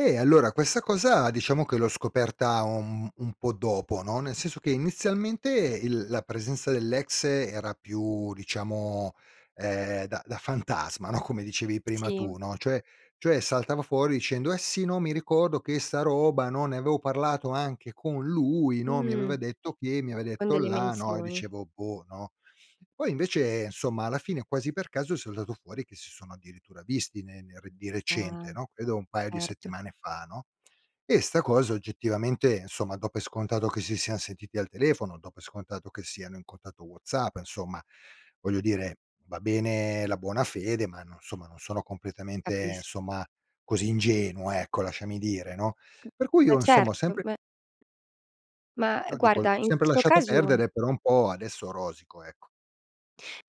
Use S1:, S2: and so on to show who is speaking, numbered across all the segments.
S1: Eh, allora questa cosa diciamo che l'ho scoperta un un po' dopo, no, nel senso che inizialmente il la presenza dell'ex era più, diciamo, ehm, da da fantasma, no, come dicevi prima
S2: Sì.
S1: tu, no, cioè cioè saltava fuori dicendo: "Eh sì, no, mi ricordo che 'sta roba, no, ne avevo parlato anche con lui, no, mi
S2: Mh.
S1: aveva detto che, mi aveva
S2: Con
S1: detto
S2: delle
S1: là" no. E
S2: menzioni.
S1: dicevo: "Boh", no. Poi invece, insomma alla fine quasi per caso è saltato fuori che si sono addirittura visti ne ner di
S2: Ah.
S1: recente, no, credo un paio di
S2: Certo.
S1: settimane fa, no? E 'sta cosa oggettivamente, insomma, do per scontato che si sian sentiti al telefono, do per scontato che siano in contatto WhatsApp, insomma, voglio dire, va bene la buona fede, ma no insomma non sono completamente,
S2: Capis
S1: insomma, così ingenuo, ecco, lasciami dire, no.
S2: [unintelligible]
S1: Per cui
S2: ma
S1: io insomma ho
S2: certo,
S1: sempre
S2: beh. Mah,
S1: No dico, ho
S2: guarda, in
S1: sempre
S2: questo
S1: lasciato
S2: caso
S1: perdere, per un po' adesso rosico, ecco.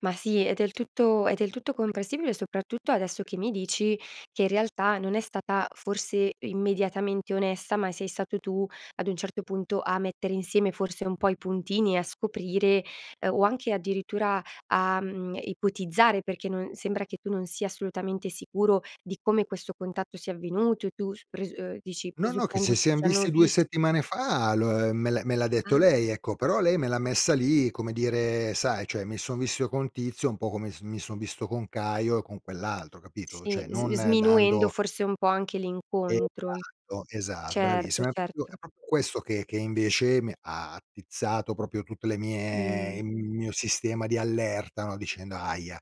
S2: Ma sì, è del tutto è del tutto compressibile, soprattutto adesso che mi dici che in realtà non è stata forse immediatamente onesta, ma sei stato tu ad un certo punto a mettere insieme forse un po' i puntini, a scoprire o anche addirittura a, mhmm, ipotizzare, perché no sembra che tu non sia assolutamente sicuro di come questo contatto sia avvenuto. E tu s pres ehm, dici:
S1: No, no, che
S2: "Presuppongo
S1: si
S2: si
S1: sian
S2: siano
S1: visti 2
S2: vis"
S1: settimane fa, lo me l'ha me l'ha detto
S2: Ah.
S1: lei, ecco, però lei me l'ha messa lì, come dire, sai, cioè mi son visto con Tizio, un po' come s mi son visto con Caio e con quell'altro, capito?
S2: Sì,
S1: Cioè,
S2: s
S1: non
S2: sminuendo
S1: dando
S2: forse un po' anche l'incontro.
S1: Esatto, esa
S2: Certo,
S1: bravissimo, è proprio
S2: certo.
S1: è proprio questo che che invece mi ha attizzato proprio tutte le mie
S2: Mh.
S1: il mio sistema di allerta, no, dicendo: "Ahia!"